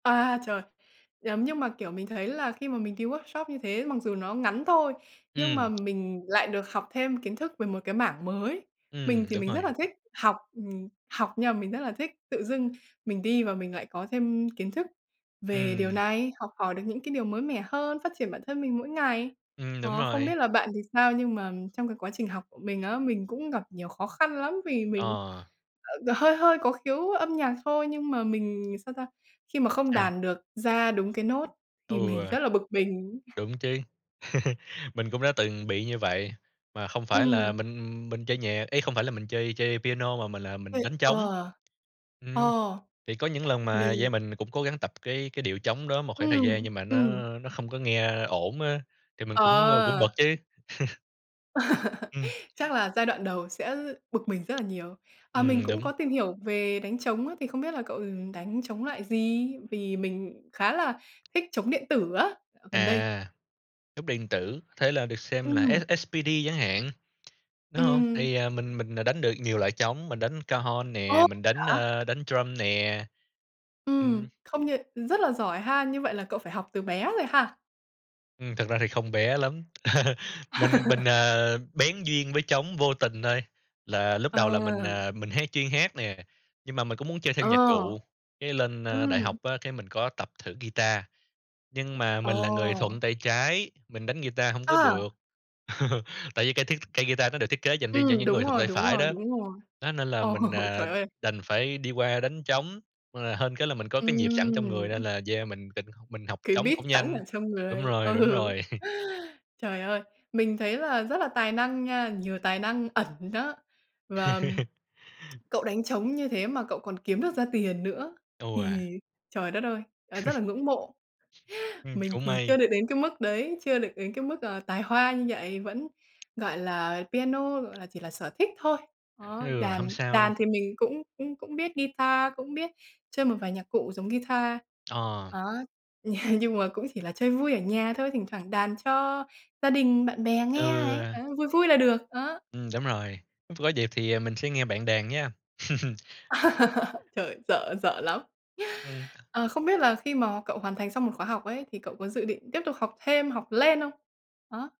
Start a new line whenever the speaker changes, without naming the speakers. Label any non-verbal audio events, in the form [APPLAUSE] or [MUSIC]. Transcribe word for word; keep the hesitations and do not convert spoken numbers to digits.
À, trời! Giống như mà, kiểu, mình thấy là khi mà mình đi workshop như thế mặc dù nó ngắn thôi, nhưng
Ừm.
mà mình lại được học thêm kiến thức về một cái mảng mới. Mình
Ừm,
thì
đúng
mình rất
rồi.
là thích học, ừm, học, nhưng mà mình rất là thích tự dưng mình đi và mình lại có thêm kiến thức về điều
Ừm.
này, học hỏi được những cái điều mới mẻ hơn, phát triển bản thân mình mỗi ngày.
Ừm, đúng
Ờ, không
rồi.
biết là bạn thì sao, nhưng mà trong cái quá trình học của mình á mình cũng gặp nhiều khó khăn lắm vì mình,
Ờ.
ờ, hơi hơi có khiếu âm nhạc thôi, nhưng mà mình sao ta? Khi mà không
Sao?
đàn được ra đúng cái nốt
Ừ.
thì mình rất là bực mình.
Đúng chứ! [CHUCKLES] Mình cũng đã từng bị như vậy mà không phải
Ừm.
là mình mình chơi nhà ấy, không phải là mình chơi chơi piano mà mình là mình
Vậy
đánh trống.
ờ,
Ừm.
ờ.
Thì có những lần mà,
Mình
yeah, mình cũng cố gắng tập cái cái điệu trống đó một khoảng thời gian
Ừm.
nhưng mà nó
Ừm.
nó không có nghe ổn á thì mình cũng, ơ, cũng
Ờ.
bực chứ. [CHUCKLES] Ừm.
[LAUGHS] Chắc là giai đoạn đầu sẽ bực mình rất là nhiều. À, mình
Ừm,
cũng
đúng.
có tìm hiểu về đánh trống á, thì không biết là cậu, ừm, đánh trống loại gì? Vì mình khá là thích trống điện tử á gần đây.
À! Nút điện tử, thế là được xem là
Ừm.
S-S-P-D chẳng hạn, đúng
Ừm
hông?
hừm.
Thì, à, mình mình, à, đánh được nhiều loại trống, mình đánh Cajon
Ô!
nè, mình đánh,
Hả?
a, đánh Drum nè.
Ừm.
Ừm.
Không như rất là giỏi ha! Như vậy là cậu phải học từ bé rồi ha?
Ừm, thực ra thì không bé lắm. [CHUCKLES] Mình, mình,
[LAUGHS]
à, bén duyên với trống vô tình thôi là lúc
Ờ.
đầu là mình, à, mình hát chuyên hát nè, nhưng mà mình cũng muốn chơi thêm nhạc
Ờ.
cụ, cái lên, ơ, đại
Ừm.
học á cái mình có tập thử guitar. Nhưng mà
Ờ.
mình là người thuận tay trái, mình đánh guitar hổng có
A!
được, [CHUCKLES] tại vì cây thiết cây guitar nó được thiết kế dành riêng cho
Ừm,
những
đúng
người thuận
rồi,
tay
đúng
phải
rồi,
đó.
đúng rồi.
Nó nên là
Ờ,
mình, à,
trời ơi!
đành phải đi qua đánh trống, ờ, hên cái là mình có cái nhịp sẵn
Ừm,
trong người
ưm.
nên là, yeah, mình định mình học
Cái
trống
beat
cũng
sẵn
nhanh.
ở trong
Đúng
người.
rồi, đúng
Ừ.
rồi. [CHUCKLES]
Trời ơi! Mình thấy là rất là tài năng nha, nhiều tài năng ẩn đó và
[CHUCKLES]
cậu đánh trống như thế mà cậu còn kiếm được ra tiền nữa
Tô à?
thì, trời đất ơi, à, rất là ngưỡng mộ!
[CHUCKLES] Ừm,
Mình
cũng
thì
may.
chưa được đến cái mức đấy, chưa được đến cái mức, ờ, tài hoa như vậy, vẫn, gọi là, piano, gọi là, chỉ là sở thích thôi. Đó,
Ừ, hông
đàn
sao.
đàn thì mình cũng cũng cũng biết guitar, cũng biết chơi một vài nhạc cụ giống guitar.
Ờ.
Đó. [CHUCKLES] Nhưng mà cũng chỉ là chơi vui ở nhà thôi, thỉnh thoảng đàn cho gia đình bạn bè, nghe ấy,
Ừ.
ờ, vui vui là được, ờ.
Ừm, đúng rồi. Có dịp thì, ờ, mình sẽ nghe bạn đàn nha. [CHUCKLES]
[LAUGHS] Trời! Sợ, sợ lắm!
Ừm.
Ờ, không biết là khi mà cậu hoàn thành xong một khóa học ấy thì cậu có dự định tiếp tục học thêm, học lên không? Ờ.